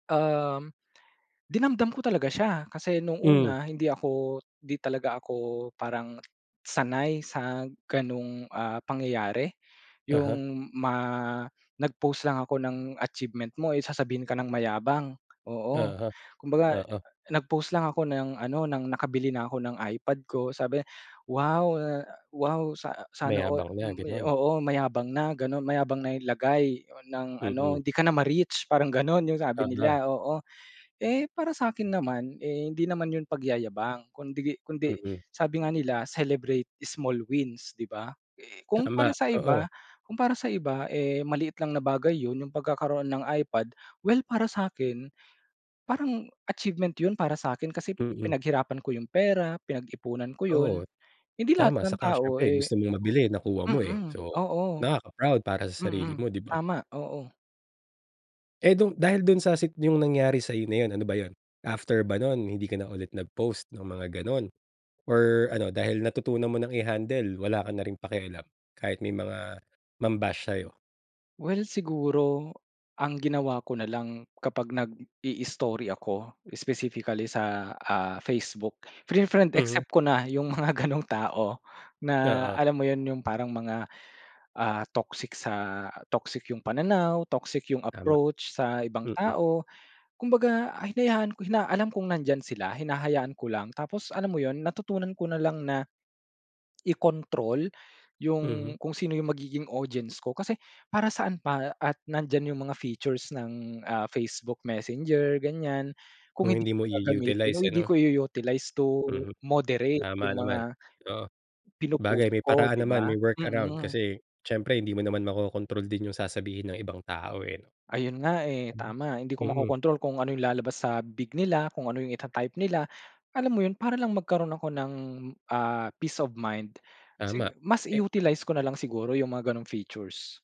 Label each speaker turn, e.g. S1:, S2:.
S1: Um, dinamdam ko talaga siya kasi no'ng
S2: Hmm.
S1: una hindi ako 'di talaga ako parang sanay sa ganong, ah, pangyayari,
S2: Uh-huh
S1: 'yung ma nag-post lang ako ng achievement mo, eh, sasabihin ka ng mayabang. Oo,
S2: Uh-huh,
S1: kumbaga
S2: oo.
S1: nag-post lang ako ng ano ng nakabili na ako ng iPad ko sabi, "Wow, eh, wow sa sana all,"
S2: Mayabang na,
S1: m
S2: gano'n.
S1: oo, mayabang na gano'n, mayabang na 'yung lagay ng ano,
S2: Mm.
S1: hindi ka na ma-reach parang gano'n yung sabi
S2: Uh-huh.
S1: nila, oo. Eh para sa akin naman, eh, hindi naman 'yun pagyayabang kundi kundi
S2: Mhm.
S1: sabi nga nila, celebrate small wins, 'di ba? Eh, kung para
S2: Tama,
S1: sa iba
S2: oo.
S1: kung para sa iba, eh, maliit lang na bagay 'yun 'yung pagkakaroon ng iPad, well, para sa'kin, parang achievement 'yun para sa'kin, kasi
S2: Mm.
S1: pinaghirapan ko 'yung pera, pinag-ipunan ko 'yun
S2: Oo,
S1: hindi lahat
S2: tama.
S1: ng
S2: Tsaka
S1: tao,
S2: siyempre
S1: eh
S2: gusto mong mabili, nakuha mo, eh,
S1: mm,
S2: so
S1: oo.
S2: nakaka-proud para sa sarili
S1: Mm,
S2: mo, 'di ba?
S1: tama. Oo.
S2: Eh, do'n dahil do'n sa sit 'yung nangyari sa'yo na 'yun ano ba yun? After ba no'n hindi ka na ulit nag-post ng mga gano'n, or ano dahil natutunan mong i-handle, wala ka na ring pakialam kahit may mga mam-bash sa'yo?
S1: Well siguro ang ginawa ko nalang kapag nag-i-i-story ako specifically sa, ah, Facebook fine-friend
S2: Mhm.
S1: except ko na 'yung mga gano'ng tao na
S2: Oo.
S1: alam mo 'yun? 'Yung parang mga, ah, toxic sa toxic 'yung pananaw, toxic 'yung
S2: Tama,
S1: approach sa ibang
S2: mm.
S1: tao, kumbaga a hinayaan ko na alam kong nandiyan sila hinahayaan ko lang. Tapos, alam mo 'yon, natutunan ko na lang na ikontrol 'yung
S2: Mhm.
S1: kung sino 'yung magiging audience ko, kasi para saan pa at nandiyan 'yung mga features ng, ah, Facebook, Messenger ganiyan kung
S2: Kung
S1: hindi
S2: hindi mo
S1: gagamitin o
S2: i-u-utilize
S1: hindi
S2: ano?
S1: ko i-u-utilize to
S2: Mhm,
S1: moderate
S2: tama
S1: 'yung
S2: naman.
S1: mga
S2: Oo,
S1: pino-post
S2: bagay may
S1: ko,
S2: paraan
S1: 'di
S2: naman
S1: ba?
S2: may work around
S1: Mm.
S2: kasi siyempre hindi mo naman makokontrol din 'yung sasabihin ng ibang tao, eh.
S1: Ayun nga, eh,
S2: Hmm.
S1: tama hindi ko
S2: Mm.
S1: makokontrol kung ano 'yung lalabas sa bibig nila, kung ano 'yung ita-type nila. Alam mo 'yon, para lang magkaroon ako ng, ah, peace of mind
S2: Tama,
S1: si mas
S2: eh
S1: i-utilize ko nalang siguro 'yung mga gano'ng features.